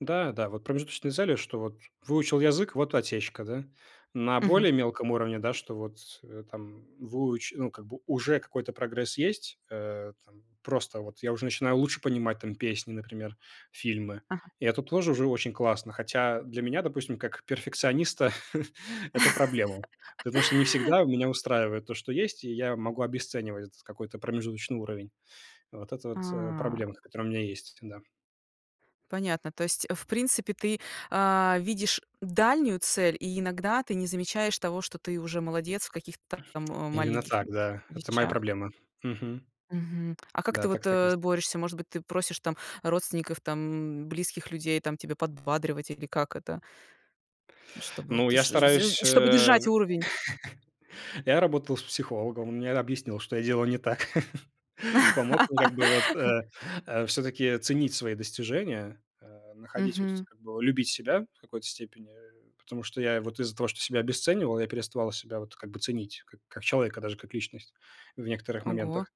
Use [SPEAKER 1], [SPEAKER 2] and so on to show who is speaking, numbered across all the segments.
[SPEAKER 1] Да, да, вот промежуточные цели, что вот выучил язык- вот и отсечка, да. На
[SPEAKER 2] Мгм.
[SPEAKER 1] более мелком уровне, да, что вот, э, там выуч ну, как бы уже какой-то прогресс есть, э-э, там просто вот я уже начинаю лучше понимать там песни, например, фильмы.
[SPEAKER 2] Ага.
[SPEAKER 1] И это тоже уже очень классно. Хотя для меня, допустим, как перфекциониста это проблема. Потому что не всегда меня устраивает то, что есть, и я могу обесценивать этот какой-то промежуточный уровень. Вот это вот, э,
[SPEAKER 2] А-а.
[SPEAKER 1] проблемка, которая у меня есть, да.
[SPEAKER 2] Понятно, то есть в принципе ты, а-а, видишь дальнюю цель, и иногда ты не замечаешь того, что ты уже молодец в каких-то та ам
[SPEAKER 1] Именно
[SPEAKER 2] маленьких
[SPEAKER 1] так, да, это моя
[SPEAKER 2] вещах?
[SPEAKER 1] проблема. Мгм.
[SPEAKER 2] Мгм. А как ты
[SPEAKER 1] Да,
[SPEAKER 2] вот,
[SPEAKER 1] так так и есть.
[SPEAKER 2] э-э, борешься? Может быть, ты просишь там родственников, там близких людей там тебе подбадривать, или как это чтобы вот
[SPEAKER 1] Ну, я
[SPEAKER 2] ш ш з з
[SPEAKER 1] стараюсь,
[SPEAKER 2] чтобы
[SPEAKER 1] э-э,
[SPEAKER 2] держать уровень?
[SPEAKER 1] я работал с психологом, он мне объяснил, что я делаю не так. Помог мне как бы вот, э, э, всё-таки ценить свои достижения, э, находить вот тут
[SPEAKER 2] Мгм.
[SPEAKER 1] как бы любить себя в какой-то степени, э, потому что я вот из-за того, что себя обесценивал, я переставал себя вот как бы ценить как как человека, даже как личность в некоторых
[SPEAKER 2] Ого.
[SPEAKER 1] моментах.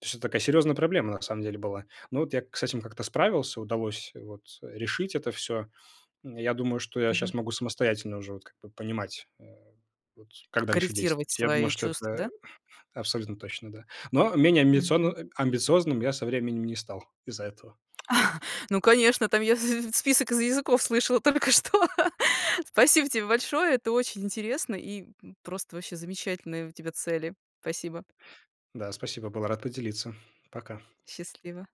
[SPEAKER 1] То есть это такая серьезная проблема на самом деле была. Ну, вот я к с этим как-то справился, удалось вот решить это всё. М, я думаю, что я
[SPEAKER 2] Мгм.
[SPEAKER 1] щас могу самостоятельно уже вот как бы понимать, э-э, вот как дальше
[SPEAKER 2] Корректировать
[SPEAKER 1] действовать. Я думаю,
[SPEAKER 2] свои
[SPEAKER 1] что
[SPEAKER 2] чувства,
[SPEAKER 1] это
[SPEAKER 2] да?
[SPEAKER 1] абсолютно точно, да. Но менее амбицион
[SPEAKER 2] Мгм.
[SPEAKER 1] амбициозным я со временем не стал из-за этого.
[SPEAKER 2] Ну, конечно, там я с с список из языков слышала только что. Спасибо тебе большое. Это очень интересно и, м, просто вообще замечательные у тебя цели. Спасибо.
[SPEAKER 1] Да, спасибо, был рад поделиться. Пока.
[SPEAKER 2] Счастливо.